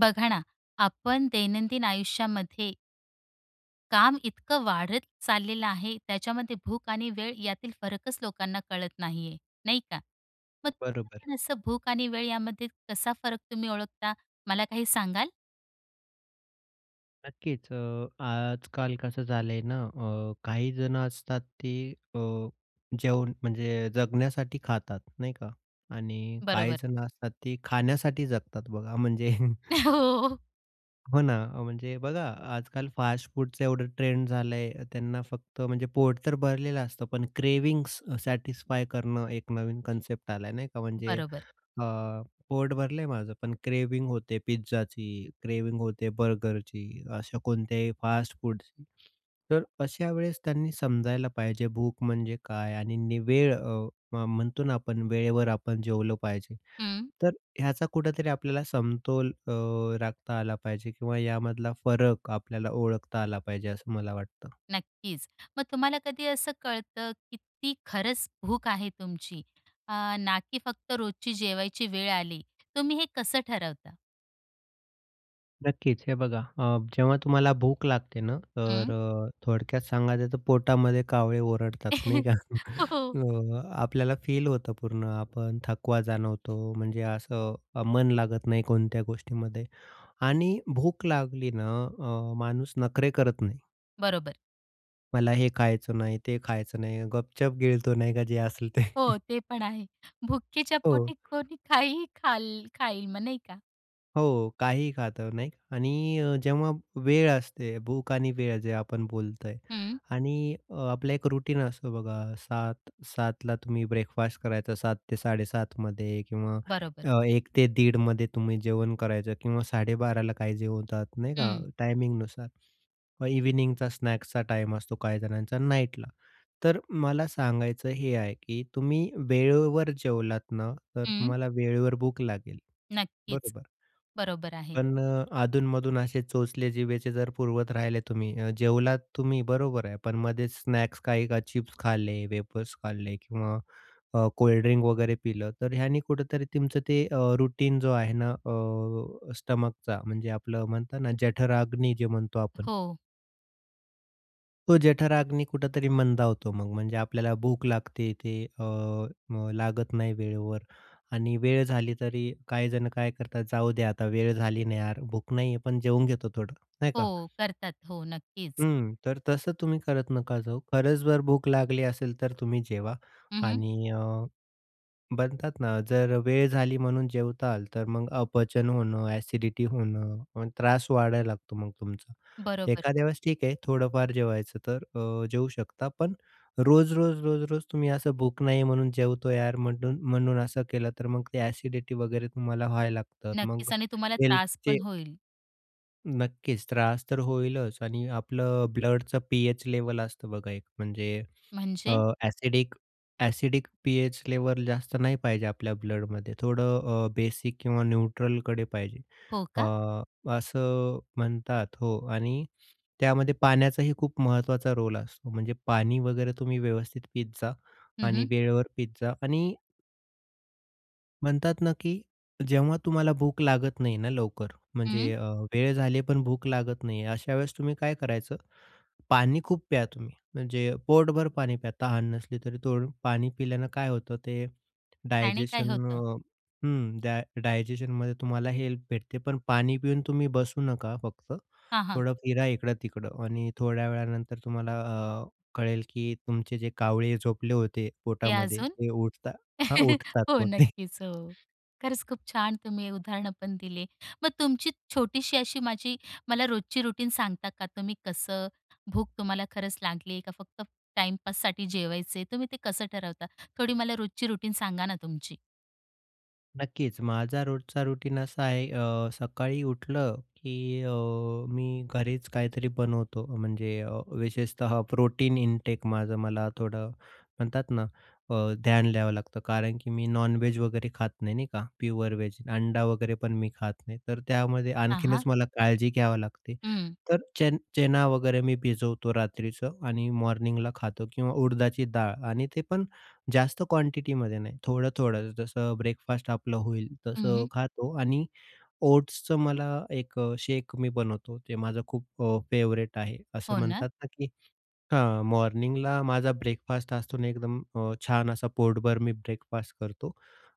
बघा ना, आपण दैनंदिन आयुष्यामध्ये, काम इतकं वाढत चाललेलं आहे, त्याच्यामध्ये भूक आणि वेळ यातील फरकच लोकांना कळत नाहीये, नाही का. मग बरोबर. [unintelligible] असं भूक आणि वेळ यामध्ये कसा फरक तुम्ही ओळखता? मला काही सांगाल? नक्कीच. अ, आजकाल कसं झालंय ना, अ, काही जणं असतात, ती अ, जेवण म्हणजे जगण्यासाठी खातात, नाही का? आणि बरोबर. काहीजण असतात, ते खाण्यासाठी जगतात. बघा म्हणजे, हो. हो ना. म्हणजे बघा, आजकाल फास्टफूडचा एवढं ट्रेंड झालंय, त्यांना फक्त म्हणजे पोट तर भरलेलं असतं, पण क्रेविंग्स सॅटिस्फाय करणं, एक नवीन कन्सेप्ट आलाय, नाही का. म्हणजे बरोबर. अ, पोट भरलं आहे माझं पण क्रेव्हिंग होते पिझ्झाची, क्रेव्हिंग होते बर्गरची. अशा कोणत्याही फास्टफूडची. तर अशावेळेस त्यांनी समजायला पाहिजे, भूक म्हणजे काय? आणि वेळ अ, म्हणतो ना आपण, वेळेवर आपण जेवलं पाहिजे. हं. तर ह्याचा कुठेतरी आपल्याला समतोल अ, राखता आला पाहिजे किंवा यामधला फरक आपल्याला ओळखता आला पाहिजे, असं मला वाटतं. नक्कीच. मग तुम्हाला कधी असं कळतं, की ती खरंच भूक आहे तुमची? अ, ना की फक्त रोजची जेवायची वेळ आली, तुम्ही हे कसं ठरवता? नक्कीच, हे बघा, अ, जेव्हा तुम्हाला भूक लागते ना, तर हं. अ, थोडक्यात सांगायचं तर पोटामध्ये कावळे ओरडतात, हो, नाही का? हो. अ, आपल्याला फील होतं पूर्ण, आपण थकवा जाणवतो. म्हणजे असं मन लागत नाही कोणत्या गोष्टीमध्ये. आणि भूक लागली ना अ, माणूस नखरे करत नाही. बरोबर. मला हे खायचं नाही, ते खायचं नाही. गपचूप गिळतो, नाही का? जे असेल ते. हो, ते पण आहे. भुकेच्या हो. पोटी कोणी काहीही खाल् खाईल मग, नाही का? हो, काहीही खातो, नाही? आणि अ, जेव्हा वेळ असते, भूक आणि वेळ जे आपण बोलत आहे हं. आणि आपलं एक रूटीन असतो बघा, 7- 7ला तुम्ही ब्रेकफास्ट करायचं 7.00 ते 7.30 मध्ये किंवा बरोबर. अ, 1.00 ते 1.30मध्ये तुम्ही जेवण करायचं, किंवा 12.30 ला काही जेवतात नाही का हं. टायमिंगनुसार. मग इव्हनिंगचा स्नॅक्सचा टाईम असतो काहीजणांचा नाईटला. तर मला सांगायचं हे आहे, की तुम्ही वेळेवर जेवलात ना, तर हं. तुम्हाला वेळेवर भूक लागेल, नक्कीच, बरोबर? बरोबर आहे. पण अ, अधून-मधून असे चोचले जिभेचे जर पुरवत राहिले तुम्ही अ, जेवलात तुम्ही, बरोबर आहे. पण मधेच स्नॅक्स काही का चिप्स खाल्ले, वेफर्स खाल्ले किंवा अ, कोल्डड्रिंक वगैरे पिलं, तर ह्याने कुठेतरी तुमचं ते अ, रूटीन जो आहे ना, अ, स्टमकचा. म्हणजे आपलं म्हणतात ना जठर-अग्नी जे म्हणतो आपण. हो. तो जठराग्नी कुठेतरी मंदावतो मग, म्हणजे आपल्याला भूक लागते ते अ, मग लागत नाही वेळेवर. आणि वेळ झाली तरी काही जण काय करतात, जाऊ द्या आता वेळ झाली ना यार, भूक नाहीये पण जेवून घेतो थोडं, नाही का. हो, करतात हो नक्कीच. हम्म, तर तसं तुम्ही करत नका जाऊ. खरंच जर भूक लागली असेल तर तुम्ही जेवा. हं, हं. आणि अ, म्हणतात ना, जर वेळ झाली म्हणून जेवाताल तर मग अपचन होणं, ॲसिडिटी होणं आणि त्रास वाढायला लागतो मग तुमचा. बरोबर. एखाद्या वेळेस ठीक आहे थोडंफार जेवायचं तर अ, जेवू शकता, पण रोज-रोज, रोज-रोज तुम्ही असं भूक नाही म्हणून जेवतो यार, म्हणून, म्हणून असं केलं तर मग ते ॲसिडिटी वगैरे तुम्हाला व्हायला लागतात, मग नक्कीच आणि तुम्हाला त्रास हेल्थचे, पण होईल. नक्कीच, त्रास तर होईलच. आणि आपलं ब्लडचं पी-एच लेव्हल असतं बघा, एक म्हणजे अ, म्हणजे? ॲसिडिक, ॲसिडिक पी-एच लेव्हल जास्त नाही पाहिजे आपल्या ब्लडमध्ये. थोडं अ, बेसिक किंवा न्यूट्रलकडे पाहिजे. हो अ, का? असं म्हणतात, हो. आणि त्यामध्ये पाण्याचाही खूप महत्त्वाचा रोल असतो, म्हणजे पाणी वगैरे तुम्ही व्यवस्थित पीत जा हं, आणि हं. वेळेवर पीत जा आणि, म्हणतात ना की जेव्हा तुम्हाला भूक लागत नाही ना लवकर हं. म्हणजे अ, वेळ झाली पण भूक लागत नाही, अशावेळेस तुम्ही काय करायचं, पाणी खूप प्या तुम्ही म्हणजे पोटभर पाणी प्या. तहान नसली तरी, थोडं पाणी पिल्यानं काय होतं ते त्याने काय डायजेशन होतं? अ, हं, डाय डायजेशनमध्ये तुम्हाला हेल्प भेटते. पण पाणी पिऊन तुम्ही बसू नका फक्त, हां, हां. थोडं फिरा इकडं-तिकडं आणि थोड्या वेळानंतर तुम्हाला अ, कळेल की तुमचे जे कावळे झोपले होते ते पोटामध्ये, अजून ते उठता हां उठतात हो मग ते. नक्कीच, हो. खरंच खूप छान तुम्ही उदाहरणंपण दिले. मग तुमची छोटीशी अशी माझी मला रोजची रूटीन सांगता का? तुम्ही कसं भूक तुम्हाला खरंच लागली आहे का? फक्त टाईमपाससाठी जेवायचे तुम्ही ते कसं ठरवता? थोडी मला रोजची रूटीन सांगा ना, तुमची. नक्कीच. माझा रोजचा रुटीन असा आहे अ, सकाळी उठलं की अ, मी घरीच काहीतरी बनवतो म्हणजे अ, विशेषतः प्रोटीन इंटेक माझं मला थोडं म्हणतात ना अ, ध्यान द्यावं लागतं. कारण की मी नॉनव्हेज वगैरे खात नाही नाही का, प्युअर वेज अंडा वगैरे पण मी खात नाही, तर त्यामध्ये हां, आणखीनच हां. मला काळजी घ्यावी लागते. हं. तर चेन चना वगैरे मी भिजवतो रात्रीचं आणि मॉर्निंगला खातो किंवा उडदाची डाळ आणि ते पण जास्त क्वांटिटीमध्ये नाही. थोडं-थोडं, जसं ब्रेकफास्ट आपलं होईल तसं उह. खातो आणि ओट्सचं मला 1 शेक मी बनवतो, ते माझं खूप अ, फेवरेट आहे. असं हो ना? म्हणतात ना की हां, मॉर्निंगला माझा ब्रेकफास्ट असतो ना एकदम अ, छान असा पोटभर मी ब्रेकफास्ट करतो.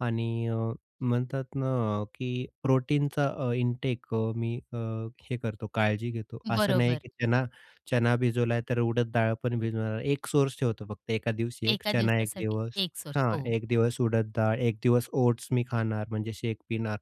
आणि अ, म्हणतात ना अ, की प्रोटीनचा अ, इंटेक अ, मी अ, हे करतो काळजी घेतो, असं नाही बरोबर. की चना चना भिजवला तर उडद डाळ पण भिजवणार, 1 सोर्स ठेवतो फक्त 1का दिवशी 1 एका चणा 1 दिवसासाठी दिवस, 1 सोर्स हां हो. 1 दिवस उडद डाळ, 1 दिवस ओट्स मी खाणार, म्हणजे शेक पिणार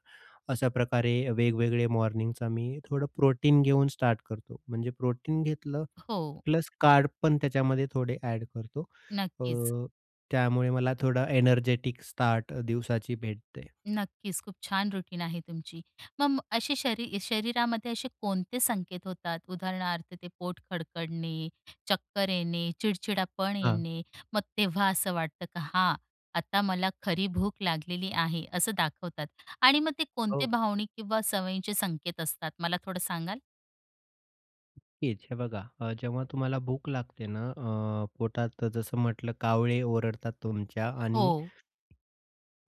अशाप्रकारे वेग-वेगळे मॉर्निंगचा मी थोडं प्रोटीन घेऊन स्टार्ट करतो. म्हणजे प्रोटीन घेतलं हो. प्लस त्याच्यामध्ये थोडे कार्ब्सपण एड करतो नक्कीच. अ, त्यामुळे मला थोडं एनर्जेटिक स्टार्ट दिवसाची भेटते. नक्कीच, खूप छान रूटीन आहे तुमची. मग अशी शरी शरीरामध्ये असे कोणते संकेत होतात? उदाहरणार्थ ते पोट खडकडणे, चक्कर येणे, चिडचिडापण हां. येणे मग तेव्हा असं वाटतं की हा, आता मला खरी भूक लागलेली आहे असं दाखवतात आणि मग ते कोणते हो. भावनिक किंवा सवयींचे संकेत असतात, मला थोडं सांगाल? नक्कीच, हे बघा अ, जेव्हा तुम्हाला भूक लागते ना, अ, पोटात जसं म्हटलं कावळे ओरडतात तुमच्या आणि हो.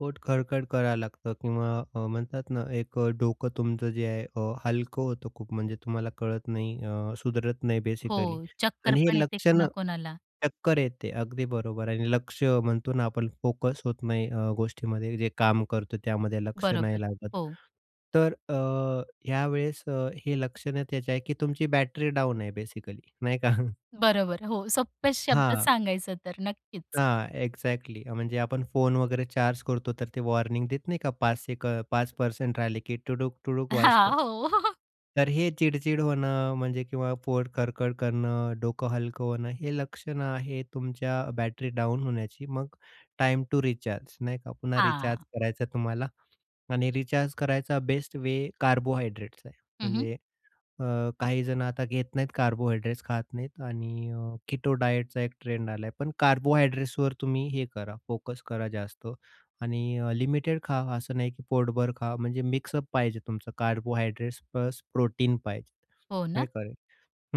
पोट खडखड करायला लागतं किंवा अ, म्हणतात ना, एक अ, डोकं तुमचं जे आहे अ, हलकं होतं, खूप म्हणजे तुम्हाला कळत नाही अ, सुधरत नाही बेसिकली. हो. चक्कर आणि पण हे येते लक्षणं कोणा-कोणाला. चक्कर येते, अगदी बरोबर. आणि लक्ष म्हणतो ना आपण, फोकस होत नाही अ, गोष्टीमध्ये जे काम करतो त्यामध्ये लक्ष बरोबर. नाही लागत. हो. तर अ, ह्यावेळेस अ, हे लक्षणं त्याची आहे की तुमची बॅटरी डाउन आहे बेसिकली नाही का? बरोबर. हो सोप्या शब्दात हां. सांगायचं तर. नक्कीच. हां एक्झॅक्टली म्हणजे आपण फोन वगैरे चार्ज करतो, तर ते वॉर्निंग देत नाही का, पाच सेक अ, 5% राहिले की टुडूक-टुडूक हां, वाजतं. हो. तर हे चिडचिड होणं म्हणजे किंवा पोट खडखड करणं, डोकं हलकं होणं, हे लक्षणं आहे तुमच्या बॅटरी डाउन होण्याची, मग टाईम टु रिचार्ज नाही का, पुन्हा रिचार्ज हां. करायचं आहे तुम्हाला. आणि रिचार्ज करायचा बेस्ट वे कार्बोहाइड्रेट्स आहे. हं, हं. म्हणजे अ, काही जणं आता घेत नाहीत कार्बोहाइड्रेट्स खात नाहीत आणि अ, कीटो डायटचा 1 ट्रेंड आलाय पण कार्बोहाइड्रेट्सवर तुम्ही हे करा फोकस करा जास्त आणि अ, लिमिटेड खा, असं नाही की पोटभर खा. म्हणजे मिक्सअप पाहिजे तुमचं कार्बोहायड्रेट्स प्लस प्रोटीन पाहिजे हो नाही ना? का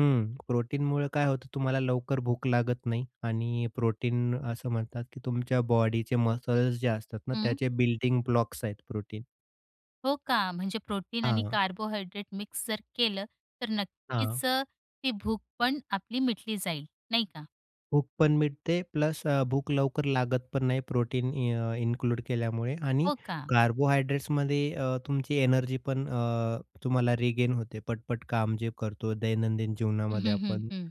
हं प्रोटीनमुळे काय होतं तुम्हाला लवकर भूक लागत नाही, आणि प्रोटीन असं म्हणतात की तुमच्या बॉडीचे मसल्स जे असतात ना, हं. त्याचे बिल्डिंग ब्लॉक्स आहेत प्रोटीन. हो का, म्हणजे प्रोटीन आणि हां. कार्बोहायड्रेट मिक्स जर केलं, तर नक्कीच हां. ती भूक पण आपली मिटली जाईल, नाही का. भूक पण मिटते, प्लस अ, भूक लवकर लागत पण नाही, प्रोटीन अ, इन्क्लूड केल्यामुळे. आणि हो का? कार्बोहायड्रेट्समध्ये अ, तुमची एनर्जीपण अ, तुम्हाला रिगेन होते. पट-पट काम जे करतो दैनंदिन हं, जीवनामध्ये हं, हं, आपण. हं.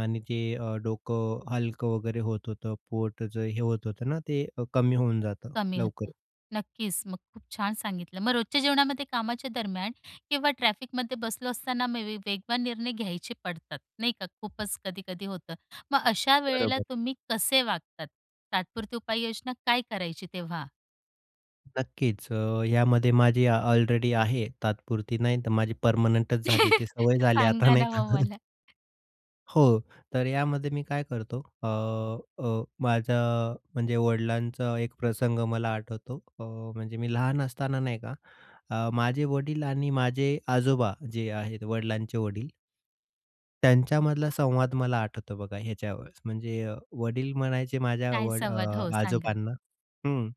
आणि जे अ, डोकं अ, हलकं वगैरे होत होतं, पोटाच हे होत होतं ना, ते अ, कमी होऊन जातं, कमी होतं, लवकर. नक्कीच. मग खूप छान सांगितलं. मग रोजच्या जेवणामध्ये कामाच्या दरम्यान किंवा ट्रॅफिकमध्ये बसलो असताना मे बी वेगवान निर्णय घ्यायचे पडतात, नाही का. खूपच कधी-कधी होतं. मग अशा वेळेला बरोबर. तुम्ही कसे वागतात? तात्पुरती उपाययोजना काय करायची तेव्हा? नक्कीच. अ, यामध्ये माझी अलरेडी आहे तात्पुरती नाही. तर माझी परमनंटच झाली, ती सवय झाली आता, सांगा नाही ना, का. मग मला. हो, तर यामध्ये मी काय करतो, अ, अ, माझ अ, म्हणजे वडिलांचा एक प्रसंग मला आठवतो. अ, म्हणजे मी लहान असताना नाही का, अ, माझे वडील आणि माझे आजोबा, जे आहेत वडिलांचे वडील. त्यांच्यामधला संवाद मला आठवतो बघा ह्याच्यावरच, म्हणजे वडील म्हणायचे माझ्या काय व संवाद? अ, हो सांगा. आजोबांना हं,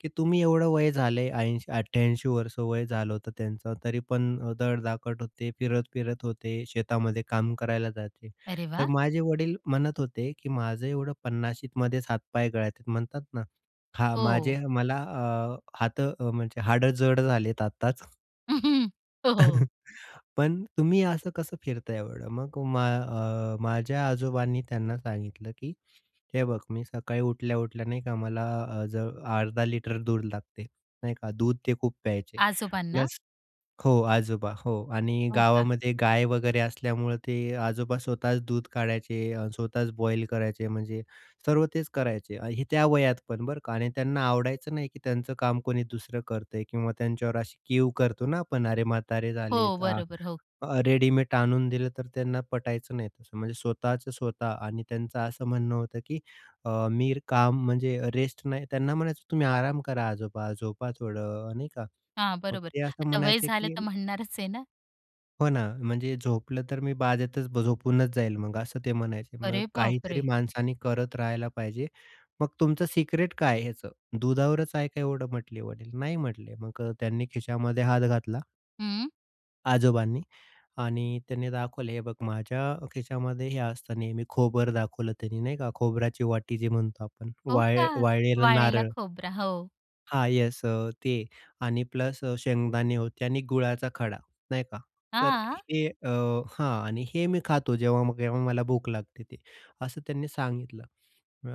की "तुम्ही एवढं वय झालंय," 80-88 वर्ष वय झालं होतं त्यांचं, तरी पण धडधाकट होते. फिरत-फिरत होते, शेतामध्ये काम करायला जायचे. तर वा! माझे वडील म्हणत होते की "माझं एवढं पन्नाशीतमध्ये हातपाय गळतात म्हणतात ना. हा, हो. माझे मला अ, हात म्हणजे हाडं जड झालेत आत्ताच." हो. पण तुम्ही असं कसं फिरताय एवढं? मग मा अ, माझ्या आजोबांनी त्यांना सांगितलं की "हे बघ, मी सकाळी उठल्या-उठल्या नाही का मला अ, ज अर्धा लिटर दूध लागते." नाही का, दूध ते खूप प्यायचे. आजोबांना? प्लस हो आजोबा, हो. आणि हो का. गावामध्ये गाय वगैरे असल्यामुळं ते आजोबा स्वतःच दूध काढायचे, स्वतःच बॉईल करायचे, म्हणजे सर्व तेच करायचे. हे त्या वयात पण बरं का, आणि त्यांना आवडायचं नाही की त्यांचं काम कोणी दुसरं करतंय किंवा त्यांच्यावर अशी कीव करतो ना आपण, "अरे म्हातारे झाले." हो. आ बरोबर. हो. रेडीमेट आणून दिलं तर त्यांना पटायचं नाही तसं. म्हणजे स्वतःचं-स्वतः आणि त्यांचं असं म्हणणं होतं की अ, "मी काम म्हणजे रेस्ट नाही." त्यांना म्हणायचो, "तुम्ही आराम करा आजोबा झोपा थोडं नाही का." हां. मग बरोबर. ते असं आता वय म्हणायचे झालं की तर म्हणणारच आहे ना. हो ना, म्हणजे झोपलं तर मी बाजेतच झोपूनच जाईल मग असं ते म्हणायचे. मग अरे काहीतरी बापरे! माणसाने करत राहायला पाहिजे. "मग तुमचं सिक्रेट काय आहे ह्याचं? दुधावरच आहे का एवढं?" म्हटले वडील. "नाही" म्हटले, मग अ, त्यांनी खिशामध्ये हात घातला हं. आजोबांनी आणि त्यांनी दाखवले, "हे बघ, माझ्या खिशामध्ये हे असतं नेहमी." खोबर दाखवलं त्यांनी, नाही का? खोबऱ्याची वाटी जे म्हणतो आपण. हो वाळ का? वाळलेलं वाळलेला नारळ. खोबरा, हो. हां, येस अ, ते आणि प्लस शेंगदाणे होते आणि गुळाचा खडा, नाही का? तर हां? हे अ, हां. आणि हे मी खातो, जेव्हा-केव्हा मला भूक लागते ते. असं त्यांनी सांगितलं.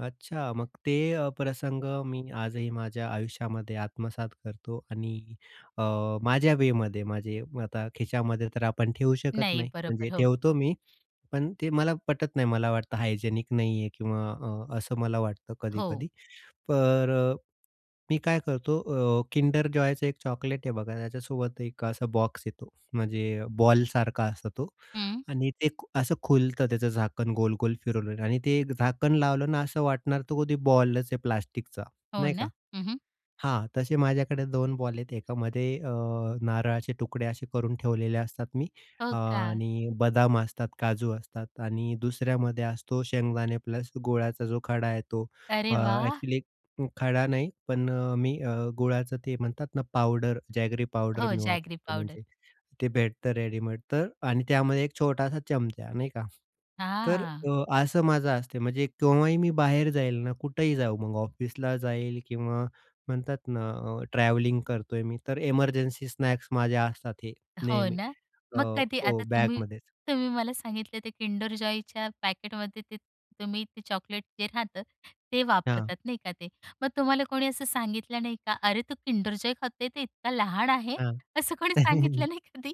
अच्छा, मग ते प्रसंग मी आजही माझ्या आयुष्यामध्ये आत्मसात करतो. आणि अ, माझ्या वेमध्ये माझे आता खिशामध्ये तर आपण ठेवू शकत नाही, नाही. बरोबर, म्हणजे हो. ठेवतो मी, पण ते मला पटत नाही. मला वाटतं हायजेनिक नाहीये, किंवा अ, असं मला वाटतं हो. कधी-कधी. तर अ, मी काय करतो, अ, किंडर जॉयचं 1 चॉकलेट आहे, बघा. त्याच्यासोबत 1 असा बॉक्स येतो, म्हणजे बॉल सारखा असतो तो. हं. आणि ते असं खुलतं, त्याचं झाकण गोल-गोल फिरवल्यावर आणि ते झाकण लावलं ना, असं वाटणार, तर कधी बॉलच आहे प्लास्टिकचा, हो नाही का? ना? हं, हं. हां, तसे माझ्याकडे 2 बॉल आहेत. एकामध्ये अ, नारळाचे तुकडे असे करून ठेवलेले असतात मी हो का? आणि बदाम असतात, काजू असतात. आणि दुसऱ्यामध्ये असतो शेंगदाणे प्लस गुळाचा जो खडा आहे, तो. अरे अ, वाह! एक्चुअली खडा नाही, पण अ, मी अ, गुळाचं ते म्हणतात ना पावडर, जॅगरी पावडर हो, मी जॅगरी वापरतो पावडर. म्हणजे, ते भेटतं रेडीमेड तर आणि त्यामध्ये 1 छोटासा चमचा, नाही का? तर हां. अ, असं माझं असते. म्हणजे केव्हाही मी बाहेर जाईल ना, कुठेही जाऊ, मग ऑफिसला जाईल किंवा म्हणतात ना अ, ट्रॅव्हलिंग करतोय मी, तर एमर्जन्सी स्नॅक्स माझे असतात हे हो नेहमी ना? अ, मग कधी हो, आता तुम्ही बॅगमध्ये. तुम्ही मला सांगितले ते किंडर जॉयच्या पॅकेटमध्ये ते तुम्ही ते चॉकलेट जे राहतं, ते हां. वापरतात, नाही का? ते मग तुम्हाला कोणी असं सांगितलं नाही का? "अरे तू किंडर जॉय खातोय? ते इतका लहान आहे?" हां, असं कोणी सांगितलं नाही कधी?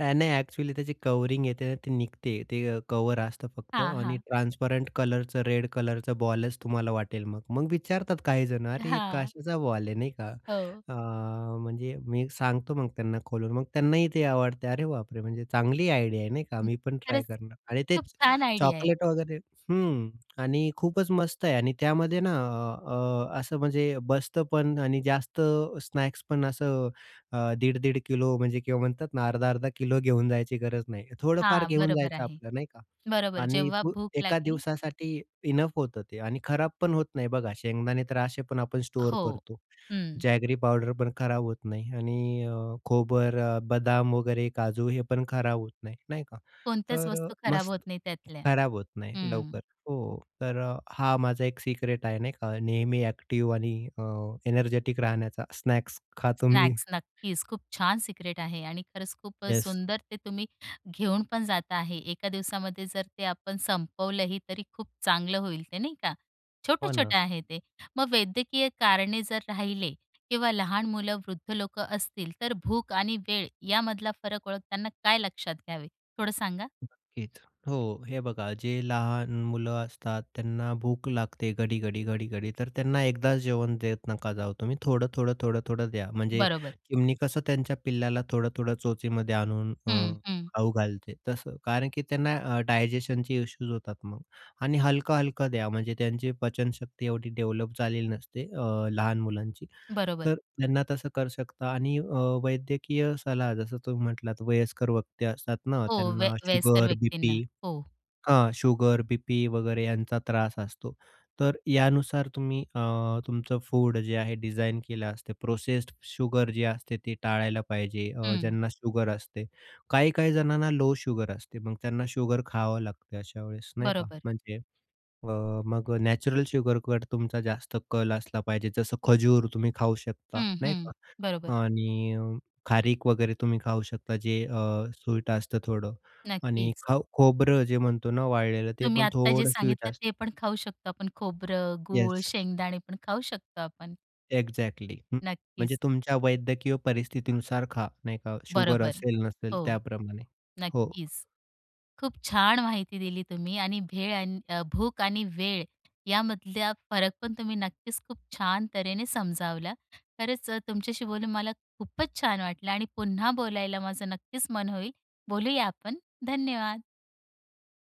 नाही, एक्चुअली त्याची कवरिंग येते ना, ती निघते. ते कव्हर असतं फक्त हां, आणि हां. ट्रान्सपरंट कलरचं, रेड कलरचं बॉलच तुम्हाला वाटेल मग. मग विचारतात काही जण, "अरे, हे हां. कशाचा बॉल आहे?" नाही का, हो. अ, म्हणजे मी सांगतो मग त्यांना खोलून, मग त्यांनाही ते आवडते. "अरे बापरे! म्हणजे चांगली आयडिया आहे, नाही का? हं, मी पण ट्राय खरंच. करणार." आणि खूप तेच. छान आयडिया आहे. चॉकलेट वगैरे हं. आणि खूपच मस्त आहे. आणि त्यामध्ये ना अ, अ, असं म्हणजे बसतं पण आणि जास्त स्नॅक्स पण असं अ, 1.5-1.5 किलो म्हणजे किंवा म्हणतात ना अर्धा-अर्धा किलो घेऊन जायची गरज नाही. थोडंफार हां, घेऊन बरोबर जायचं आहे. आपलं, नाही का? बरोबर, आणि जेव्हा भूक एका लागली दिवसासाठी इनफ होतं ते. आणि खराब पण होत नाही. बघा, शेंगदाणे तर असे पण आपण स्टोअर हो. करतो. हं. जॅगरी पावडर पण खराब होत नाही. आणि अ, खोबरं, बदाम वगैरे, काजू हे पण खराब होत नाही, नाही का? कोणत्याच तर वस्तू खराब मस्त होत नाहीत त्यातल्या. खराब होत नाही, हं. लवकर, हो. तर अ, हा माझा 1 सीक्रेट आहे, नाही का, नेहमी एक्टिव्ह आणि अ, एनर्जेटिक राहण्याचा. स्नॅक्स खातो मी. स्नॅक्स, नक्कीच. खूप छान सिक्रेट आहे आणि खरंच खूपच येस. सुंदर ते तुम्ही घेऊन पण जात आहे. एका दिवसामध्ये जर ते आपण संपवलंही, तरी खूप चांगलं होईल ते, नाही का? हो ना. छोटं-छोटं आहे ते. मग वैद्यकीय कारणे जर राहिले किंवा लहान मुलं, वृद्ध लोकं असतील, तर भूक आणि वेळ यामधला फरक ओळखताना काय लक्षात घ्यावे? थोडं सांगा. नक्कीच हो. हे बघा, जे लहान मुलं असतात त्यांना भूक लागते घडी-घडी, घडी-घडी. तर त्यांना एकदाच जेवण देत नका जाऊ तुम्ही, थोडं-थोडं, थोडं-थोडं द्या. म्हणजे बरोबर. चिमणी कसं त्यांच्या पिल्लाला थोडं-थोडं चोचीमध्ये आणून अ, हं, हं. खाऊ घालते, तसं. कारण की त्यांना अ, डायजेशनचे इश्यूज होतात मग. आणि हलकं-हलकं द्या, म्हणजे त्यांची पचनशक्ती एवढी डेव्हलप झालेली नसते, अ, लहान मुलांची. बरोबर. तर त्यांना तसं करू शकता. आणि अ, वैद्यकीय सलाह, जसं तुम्ही म्हटलात, वयस्कर व्यक्ती असतात ना, हो, वय त्यांना वयस्कर शुगर, व्यक्तींना, बी-पी हो. हां, शुगर, बी-पी वगैरे यांचा त्रास असतो. तर यानुसार तुम्ही अ, तुमचं फूड जे आहे डिझाईन केलं असतं. प्रोसेस्ड शुगर जे असते ती टाळायला पाहिजे अ, हं. ज्यांना शुगर असते. काही-काही जणांना लो शुगर असते, मग त्यांना शुगर खावं लागते अशावेळेस, नाही का? बरोबर. म्हणजे अ, मग अ, नॅचरल शुगरकडे तुमचा जास्त कल असला पाहिजे. जसं खजूर तुम्ही खाऊ शकता, हं, नाही हं. बरोबर. का? आणि खारीक वगैरे तुम्ही खाऊ शकता, जे अ, स्वीट असतं थोडं. आणि नक्कीच. खाऊ खोबरं जे म्हणतो ना वाळलेलं, ते तुम्ही पण आत्ता जे थोडं स्वीट सांगितलं, असतं. ते पण खाऊ शकतो आपण. खोबरं, गूळ, येस. शेंगदाणे पण खाऊ शकतो आपण. एक्झॅक्टली, हं, म्हणजे नक्कीच. तुमच्या वैद्यकीय परिस्थितीनुसार खा, नाही का? शुगर बरोबर. असेल, नसेल हो. त्याप्रमाणे. हो. नक्कीच. खूप छान माहिती दिली तुम्ही. आणि भेळ अन भूक आणि वेळ यामधला फरक पण तुम्ही नक्कीच खूप छान तऱ्हेने समजावला. खरंच अ, तुमच्याशी बोलून मला खूपच छान वाटलं आणि पुन्हा बोलायला माझं नक्कीच मन होईल. बोलूया आपण. धन्यवाद!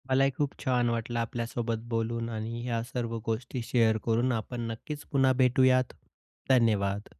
मलाही खूप छान वाटलं आपल्यासोबत बोलून आणि ह्या सर्व गोष्टी शेअर करून. आपण नक्कीच पुन्हा भेटूयात. धन्यवाद!